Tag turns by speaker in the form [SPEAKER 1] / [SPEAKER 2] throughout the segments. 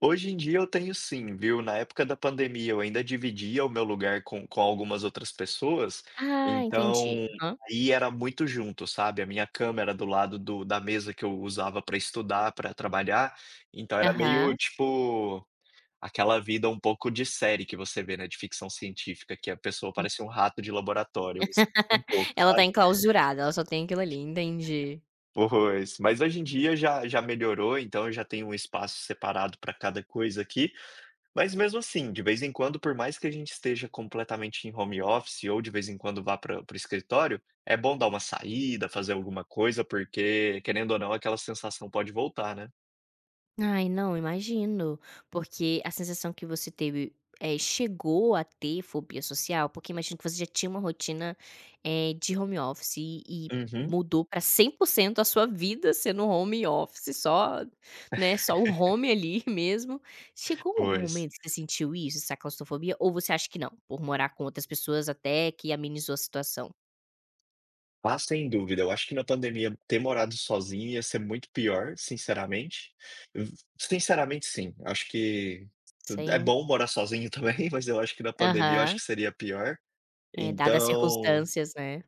[SPEAKER 1] Hoje em dia eu tenho sim viu, na época da pandemia eu ainda dividia o meu lugar com com algumas outras pessoas,
[SPEAKER 2] Ah, entendi.
[SPEAKER 1] então
[SPEAKER 2] Aham.
[SPEAKER 1] aí era muito junto, sabe, a minha câmera do lado do da mesa que eu usava para estudar, para trabalhar, então era meio
[SPEAKER 2] Aham.
[SPEAKER 1] tipo, aquela vida um pouco de série que você vê, né, de ficção científica que a pessoa
[SPEAKER 2] Hum.
[SPEAKER 1] parecia um rato de laboratório, eu me sinto um pouco,
[SPEAKER 2] Ela está
[SPEAKER 1] sabe.
[SPEAKER 2] enclausurada, ela só tem aquilo ali, entendi.
[SPEAKER 1] Pois. Mas hoje em dia já já melhorou, então eu já tenho um espaço separado para cada coisa aqui, mas mesmo, assim, de vez em quando por mais que a gente esteja completamente em home office ou de vez em quando vá para para o escritório, é bom dar uma saída, fazer alguma coisa porque querendo ou não aquela sensação pode voltar, né.
[SPEAKER 2] Ai, não, imagino, porque a sensação que você teve eh, chegou a ter fobia social? Porque imagino que você já tinha uma rotina, eh, de home office e e
[SPEAKER 1] Uhum.
[SPEAKER 2] mudou para 100% a sua vida sendo home office só né, só o home ali mesmo. Chegou algum
[SPEAKER 1] Pois.
[SPEAKER 2] momento que você sentiu isso, essa claustrofobia ou você acha que não, por morar com outras pessoas até que amenizou a situação?
[SPEAKER 1] Ah, sem dúvida, eu acho que na pandemia ter morado sozinho ia ser muito pior, sinceramente. Hum, sinceramente sim. Acho que tudo é
[SPEAKER 2] Sim.
[SPEAKER 1] bom morar sozinho também, mas eu acho que na pandemia eu acho que
[SPEAKER 2] Aham.
[SPEAKER 1] seria pior.
[SPEAKER 2] É, dada as
[SPEAKER 1] Então
[SPEAKER 2] circunstâncias, né.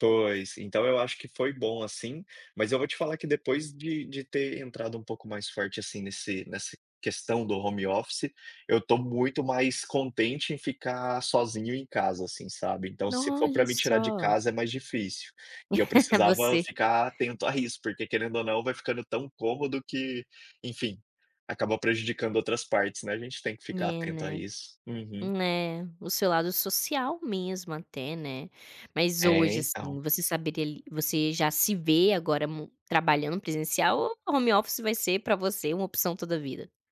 [SPEAKER 1] Pois. Então eu acho que foi bom, assim, mas eu vou te falar que depois de de ter entrado um pouco mais forte, assim, nesse nessa questão do home office, eu estou muito mais contente em ficar sozinho em casa, assim, sabe. Então se for para
[SPEAKER 2] Olha
[SPEAKER 1] me tirar de
[SPEAKER 2] só.
[SPEAKER 1] casa é mais difícil. E eu precisava
[SPEAKER 2] Você
[SPEAKER 1] ficar atento a isso porque querendo ou não vai ficando tão cômodo que, enfim, acaba prejudicando outras partes, né, a gente tem que ficar
[SPEAKER 2] É,
[SPEAKER 1] atento a
[SPEAKER 2] né.
[SPEAKER 1] isso. Uhum.
[SPEAKER 2] É, o seu lado social mesmo até, né, mas
[SPEAKER 1] É,
[SPEAKER 2] hoje assim
[SPEAKER 1] então
[SPEAKER 2] você saberia li você já se vê agora mu trabalhando presencial ou a home office vai ser para você uma opção toda vida?